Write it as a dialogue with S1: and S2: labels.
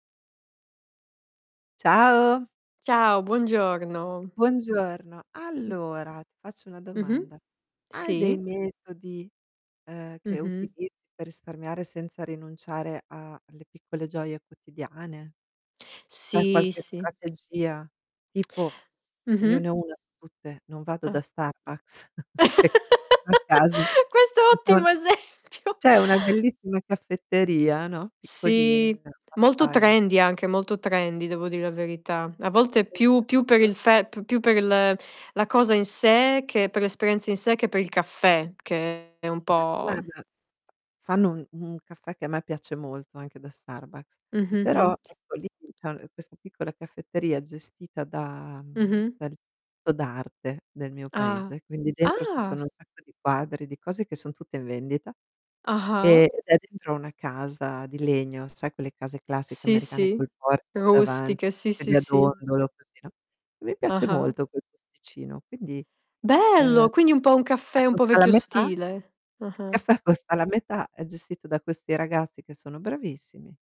S1: Ciao.
S2: Ciao, buongiorno.
S1: Buongiorno.
S2: Mh.
S1: Allora, ti faccio una
S2: Mh-mh.
S1: domanda. Hai dei
S2: Sì.
S1: metodi, uhm, che
S2: Mh-mh.
S1: utilizzi per risparmiare, senza rinunciare a a le piccole gioie quotidiane? C'è
S2: Sì,
S1: qualche
S2: sì.
S1: strategia? Tipo, io
S2: Mh-mh.
S1: ne ho 1 su tutte: non vado da
S2: Ah.
S1: Starbucks
S2: Questo
S1: che è qui, vicino a cas
S2: è
S1: [unintelligible]
S2: ottimo esempio.
S1: c'è una bellissima caffetteria, no, piccolina,
S2: Sì. Molto
S1: fatta in u
S2: trendy anche, molto trendy devo dir la verità. A volte più più per il
S1: [unintelligible]
S2: fe più per l la cosa in sé che per l'esperienza in sé, che per il caffè, che è un
S1: Ah,
S2: po', mhmm
S1: guarda, fanno un un caffè che a me piace molto, anche da Starbucks,
S2: Mh-mh,
S1: però
S2: mh.
S1: ecco lì [unintelligible] questa piccola caffetteria gestita da, mhmm,
S2: Mh-mh.
S1: dal to d'arte del mio
S2: Ah.
S1: paese. Quindi dentro ci sono
S2: Ah.
S1: un sacco di quadri, di cose che son tutte in vendita.
S2: Ah-ah.
S1: Ehm, ed è dentro una casa di legno, sai quelle case classiche
S2: Sì,
S1: americane
S2: sì.
S1: col portico davanti,
S2: Rustiche,
S1: le
S2: sì, sì,
S1: sedie a
S2: sì.
S1: dondolo, così no. E mi piace
S2: Ah-ah.
S1: molto quel posticino, quindi, ehm,
S2: Bello! Quindi un po' un caffè
S1: caffè
S2: un po'
S1: costa la
S2: vecchio
S1: metà
S2: stile.
S1: il
S2: Ah-ah.
S1: caffè costa la metà. È gestito da questi ragazzi che sono bravissimi.